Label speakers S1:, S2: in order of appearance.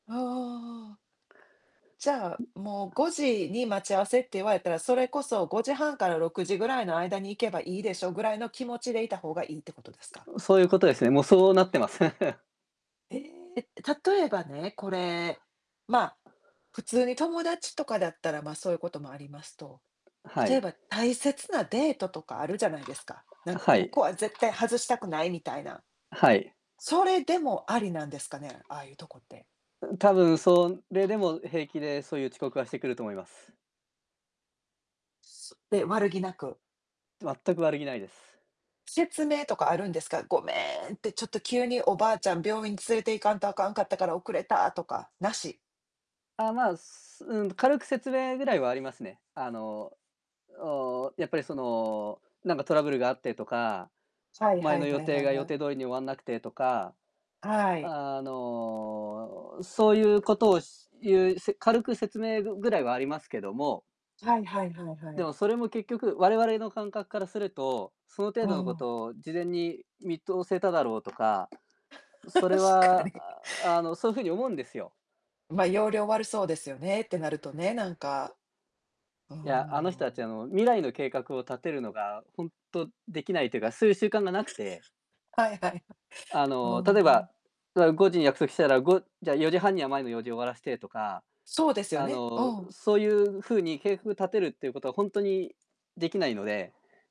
S1: ああああああああ。じゃあ、もう、5時に待ち合わせって言われたら、それこそ、5時半から6時ぐらいの間に行けばいいでしょ、ぐらいの気持ちでいたほうがいいってことですか？
S2: ん、そうゆうことですね、もう、そうなってます。
S1: ええ！って、例えばね、これ、まあ、普通に友達とかだったら、ま、そうこともありますと。
S2: は
S1: 例え
S2: い。
S1: ば、大切なデートとかあるじゃないですか、なん
S2: は
S1: こ
S2: い。
S1: こは絶対外したくないみたいな。
S2: はい。
S1: それでもありなんですかね？ああいうとこって。
S2: うん、多分、それでも平気で、そういう遅刻はしてくると思います。
S1: そで、悪気なく？
S2: 全く悪気ないです。
S1: 説明とかあるんですか？「ごめん」って「ちょっと急に、おばあちゃん病院に連れて行かんとあかんかったから、遅れた」とか、なし？
S2: あ、まあ、すうん、軽く説明ぐらいはありますね。あの、おお、やっぱりその、なんかトラブルがあってとか、
S1: はい
S2: 前
S1: はい
S2: の予
S1: はい
S2: 定
S1: はい
S2: が
S1: は
S2: 予
S1: い。
S2: 定通りに終わんなくてとか、
S1: はい。
S2: あの、そういうことを、しゆう、せ軽く説明ぐぐらいはありますけども
S1: はいはいはいは
S2: で
S1: い。
S2: も、それも結局、我々の感覚からすると、その程
S1: あ
S2: 度のこ
S1: あ。
S2: とを事前に見通せただろうとか、それ
S1: 確か
S2: は、
S1: に。
S2: ああ、あの、そうふうに思うんですよ。
S1: ま、要領悪そうですよね、ってなるとね、なんか。うー
S2: いや、あの人たち、あ
S1: ん。
S2: の、未来の計画を立てるのがほんとできないというか、そういう習慣がなくて
S1: はいはい。
S2: あ
S1: ほお、
S2: の、例え
S1: お。
S2: ば、あ、5時に約束したら、5じゃあ、4時半には、前の用事終わらしてとか、
S1: そうですよ
S2: あ
S1: ね。う
S2: の、
S1: ん。
S2: そういうふうに計画立てるっていうことはほんとにできないので